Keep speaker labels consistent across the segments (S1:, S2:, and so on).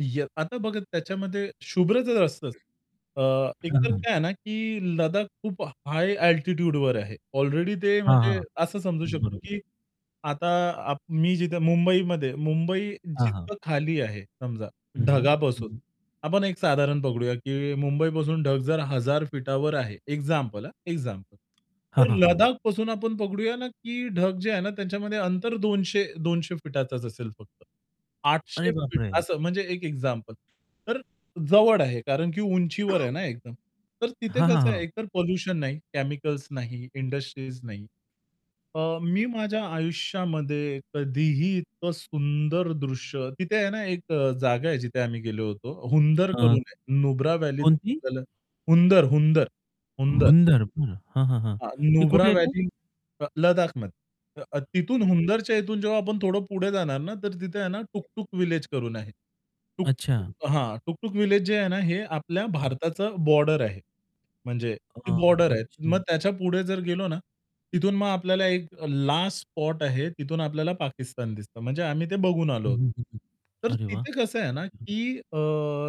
S1: य आता बघा त्याच्यामध्ये शुभ्र तर असतंच. अ, एक
S2: हं,
S1: तर
S2: हं.
S1: काय आहे ना, की लद्दाख खूप हाय अल्टिट्यूडवर आहे. अलरेडी ते
S2: हां,
S1: म्हणजे
S2: हां.
S1: असं समजू शकतो,
S2: बरोबर.
S1: की आता आप मी जिथे मुंबईमध्ये, मुंबई
S2: हां, हां.
S1: जिथं खाली आहे समजा
S2: हं, हं.
S1: ढगापासून
S2: हं.
S1: आपण एक साधारण पकडूया, की मुंबईपासून ढग जर 1000 फीटावर आहे. एक्झाम्पल. हा एक्झाम्पल.
S2: हां,
S1: तर
S2: हां, हां.
S1: लडाखपासून आपण पकडूया ना, की ढग जे आहे ना त्याच्यामध्ये अंतर 200-200 फीटाचाच असेल फक्त. 800
S2: अरे
S1: फीट
S2: बापरे!
S1: असं, म्हणजे एक एक्झाम्पल. तर जवळ आहे कारण, की उंचीवर आहे ना एकदम. तर तिथे
S2: हां, हां,
S1: कसं आहे,
S2: हां.
S1: एकतर पोल्युशन नाही, केमिकल्स नाही, इंडस्ट्रीज नाही. अ, मी माझ्या आयुष्यामध्ये कधीही इतकं सुंदर दृश्य तिथे आहे ना 1 जागा आहे जिथे आम्ही गेलो होतो. हुंदर
S2: अ,
S1: करून नुब्रा व्हॅलीतून
S2: कोणती?
S1: आपल्याला हुंदर, हुंदर, हुंदर.
S2: हुंदर. बरं. हां, हां, हां.
S1: हां,
S2: हे
S1: नुब्रा
S2: कुठे येते?
S1: व्हॅली लद्दाखमध्ये अ, तिथून हुंदरच्या इथून जेव्हा आपण थोडं पुढे जाणार ना, तर तिथे आहे ना टुक-टुक व्हिलेज करून आहे.
S2: अच्छा.
S1: टुक-टुक हां, टुकटुक व्हिलेज जे आहे ना, हे आपल्या भारताचं बॉर्डर आहे. म्हणजे ती
S2: अ,
S1: बॉर्डर आहे.
S2: अच्छा.
S1: मग त्याच्यापुढे जर गेलो ना तिथून मग आपल्याला एक लास्ट स्पॉट आहे. तिथून आपल्याला पाकिस्तान दिसतं, म्हणजे आम्ही ते बघून
S2: हं,
S1: आलो.
S2: हं, हं, हं.
S1: तर
S2: अरे वाह!
S1: तिथे कसं आहे ना,
S2: अच्छा.
S1: की अ,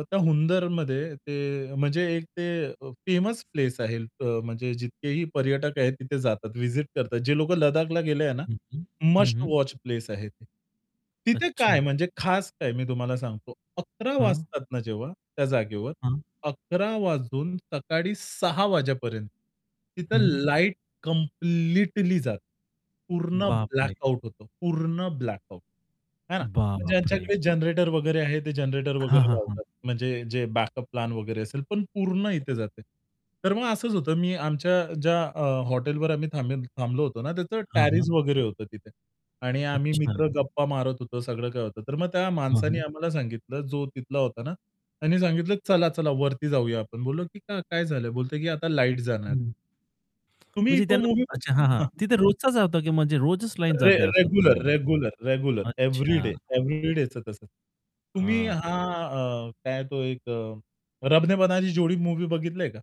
S1: त्या हुंदरमध्ये ते म्हणजे एक ते अ, फेमस प्लेस आहे अ, म्हणजे जितकेही पर्यटक आहेत तिथे जातात विजीट करतात. जे लोकं लदाखला गेले आहे ना,
S2: हं, हं. हं,
S1: मस्ट
S2: हं.
S1: वॉच प्लेस आहे ते. तिथे
S2: अच्छा.
S1: काय म्हणजे खास काय? मी तुम्हाला सांगतो. 11:00
S2: हं.
S1: वाजतात ना जेव्हा त्या जागेवर,
S2: हं.
S1: 11:00 वाजून सकाळी 6:00 वाजेपर्यंत, तिथं
S2: हं.
S1: लाईट कंप्लीटली जाते. पूर्ण
S2: बापरे!
S1: ब्लॅकआउट होतो, पूर्ण ब्लॅकआउट, आहे ना.
S2: बापरे!
S1: ज्यांच्याकडे जनरेटर वगैरे आहे ते जनरेटर
S2: हं,
S1: वगैरे
S2: हं, हं.
S1: लावतात म्हणजे जे बॅकअप प्लॅन वगैरे असेल, पण पूर्ण इथे जाते. तर मग असंच होतं. मी आमच्या ज्या अ, हॉटेलवर आम्ही थांबे थांबलो होतो ना, त्याचं
S2: हं,
S1: टॅरिस
S2: हं.
S1: वगैरे होतं तिथे. आणि आम्ही
S2: अच्छा.
S1: मित्र गप्पा मारत होतो, सगळं काही होतं. तर मग त्या
S2: हं,
S1: माणसाने
S2: हं.
S1: आम्हाला सांगितलं, जो तिथला होता ना, त्यांनी सांगितलं, "चला चला वरती जाऊया आपण." बोललो, की "काय झालं?" बोलतो, की "आता लाईट जाणार आहे."
S2: हं.
S1: तुम्ही
S2: म्हणजे
S1: तो
S2: त्यांना
S1: मूव्ही
S2: अच्छा. हां, हां.
S1: बघ हं.
S2: तिथे रोजचाच होता, की म्हणजे रोजच लाईट
S1: रे
S2: जाते [unintelligible] असं.
S1: रेग्युलर, रेग्युलर, रेग्युलर
S2: अच्छा.
S1: एव्हरीडे एव्हरीडेचं तसं. तुम्ही हा
S2: अच्छा.
S1: अ, काय तो एक अ, "रबने बनादी जोडी" मूव्ही बघितलंय का?